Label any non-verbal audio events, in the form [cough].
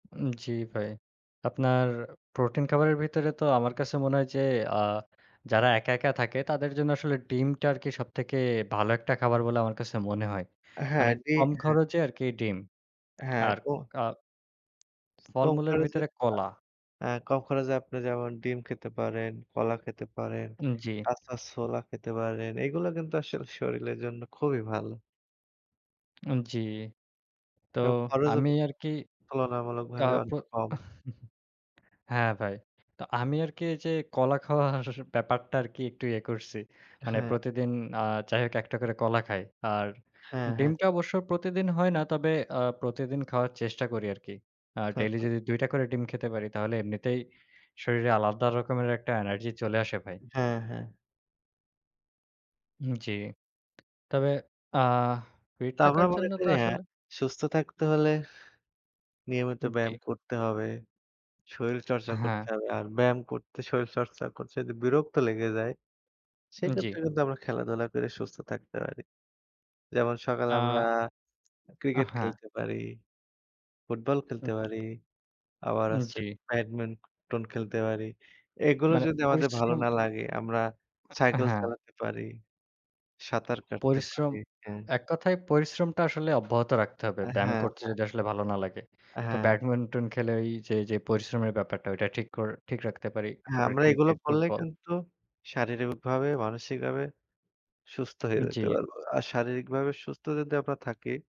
জ্বি ভাই। আপনার প্রোটিন খাবারের ভিতরে তো আমার কাছে মনে হয় যে, আ যারা একা, একা থাকে তাদের জন্য আসলে ডিমটা আরকি সবথেকে ভালো একটা খাবার বলে আমার কাছে মনে হয়। মানে হ্যাঁ, জ্বী, কম হ্যাঁ। খরচে আরকি ডিম। হ্যাঁ আর, ক [clicks tongue] অ কম ফলমূলের খরচে ভিতরে ভাত। কলা। এ্যাঁ কম খরচে আপনি যেমন ডিম খেতে পারেন, কলা খেতে পারেন, জি। কাঁচা ছোলা খেতে পারেন। এগুলো কিন্তু আসলে শরীরের জন্য খুবই ভালো। জ্বি। তো এবং খরচও আমি আরকি আ তুলনামূলকভাবে পো অনেক কম। [chuckles] হ্যাঁ ভাই। তো আমি আরকি এই যে, কলা খাওয়ার ব্যাপারটা আরকি একটু ইয়ে করছি। মানে হ্যাঁ। প্রতিদিন এ্যাঁ যাই হোক একটা করে কলা খাই। আর হ্যাঁ, হ্যাঁ। ডিমটা অবশ্য প্রতিদিন হয় না। তবে এ্যাঁ প্রতিদিন খাওয়ার চেষ্টা করি আরকি। আর হ্যাঁ, ডেইলি হ্যাঁ। যদি দুইটা করে ডিম খেতে পারি তাহলে এমনিতেই, শরীরে আলাদা রকমের একটা এনার্জি চলে আসে ভাই। হ্যাঁ, হ্যাঁ। জ্বী। তবে এ্যাঁ ফিট তা আমরা থাকার মনে জন্য তো করি হ্যাঁ, আসলে সুস্থ থাকতে হলে নিয়মিত জ্বী। ব্যায়াম করতে হবে, শরীর চর্চা করতে হ্যাঁ। হবে। আর ব্যায়াম করতে, শরীর চর্চা করতে, যদি বিরক্ত লেগে যায় জ্বি। সেক্ষেত্রে, কিন্তু আমরা খেলাধুলা করে সুস্থ থাকতে পারি। যেমন সকালে আমরা, আ আ ক্রিকেট হ্যাঁ। খেলতে পারি, ফুটবল খেলতে হুম। পারি। আবার হচ্ছে জ্বী। ব্যাডমিন্টন খেলতে পারি। এগুলো মানে যদি আমাদের ভালো পরিশ্রম। না লাগে, আমরা সাইকেল হ্যাঁ। চালাতে পারি, সাঁতার কাটতে পরিশ্রম, পারি। হ্যাঁ। এক কথায় পরিশ্রমটা আসলে অব্যাহত রাখতে হবে। হ্যাঁ, ব্যায়াম করতে হ্যাঁ। যদি আসলে ভালো না লাগে। তো হ্যাঁ। ব্যাডমিন্টন খেলে ওই যে, যে পরিশ্রমের ব্যাপারটা ওইটা ঠিক কর ঠিক রাখতে পারি। হ্যাঁ, তারপরে আমরা এগুলো ক্রিকেট, করলে ফুটবল। কিন্তু, শারীরিকভাবে, মানসিকভাবে সুস্থ হয়ে যেতে জ্বী। পারবো। আর শারীরিকভাবে সুস্থ যদি আমরা থাকি।